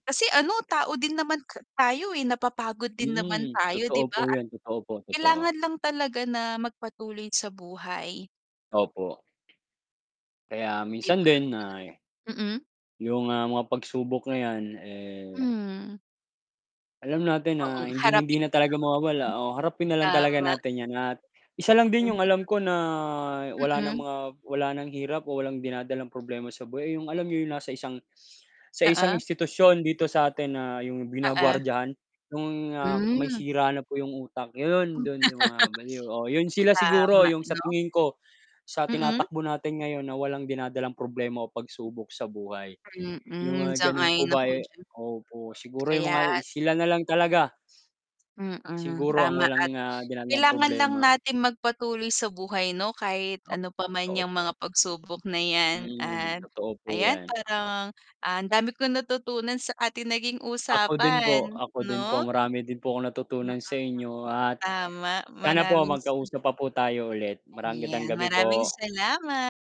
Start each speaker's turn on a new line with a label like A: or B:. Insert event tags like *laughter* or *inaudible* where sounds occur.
A: Kasi ano, tao din naman ke tayo, eh, napapagod din naman
B: Mm,
A: tayo, di
B: totoo
A: ba,
B: po
A: at
B: yun, totoo po, totoo.
A: kailangan lang talaga na magpatuloy sa buhay.
B: Opo. Kaya
A: 'Di
B: minsan
A: ba.
B: din ay
A: Mm, mm.
B: yung, ah, mga pagsubok na yan eh
A: Mm.
B: alam natin
A: Oo
B: na hinding hindi
A: harapin
B: na talaga mawawala o harapin na
A: *unintelligible*
B: lang talaga
A: tama.
B: natin yan at isa lang din yung alam
A: *unintelligible*
B: ko na wala ng
A: Mm.
B: mga wala ng hirap o walang dinadalang problema sa buhay, ay yung alam niyo yung nasa isang sa isang
A: Oo.
B: institusyon dito sa atin na yung
A: Oo.
B: ginagwardiyahan yung, ah, may
A: Hmm.
B: sira na po yung utak, yun dun sa mga baliw. Oo, yun
A: *laughs*
B: sila siguro
A: Tama,
B: yung sa
A: no?
B: tingin ko sa
A: Mm.
B: tinatakbo natin ngayon na walang dinadalang problema o pagsubok sa buhay, yung
A: Mm,
B: mga ganun po
A: Sang-ayon
B: ba
A: ako
B: ay
A: diyan.
B: opo siguro yung mga
A: Kayas
B: sila nalang talaga
A: Mm,
B: siguro ang
A: tama
B: walang
A: at
B: na dinadalang
A: kailangan lang
B: problema.
A: natin magpatuloy sa buhay no, kahit
B: Ah,
A: ano pa man
B: totoo
A: yang
B: po.
A: mga pagsubok na yan
B: Mm,
A: at
B: totoo po
A: ayan
B: yan.
A: parang, ah, ang dami kong natutunan sa atin naging
B: Ako din po,
A: usapan,
B: ako din po,
A: no?
B: marami din po akong
A: Mm.
B: natutunan sa inyo at
A: Tama
B: sana po
A: maraming sa
B: magkausap pa po tayo ulit. Magandang
A: Yan,
B: gabi
A: maraming
B: po.
A: salama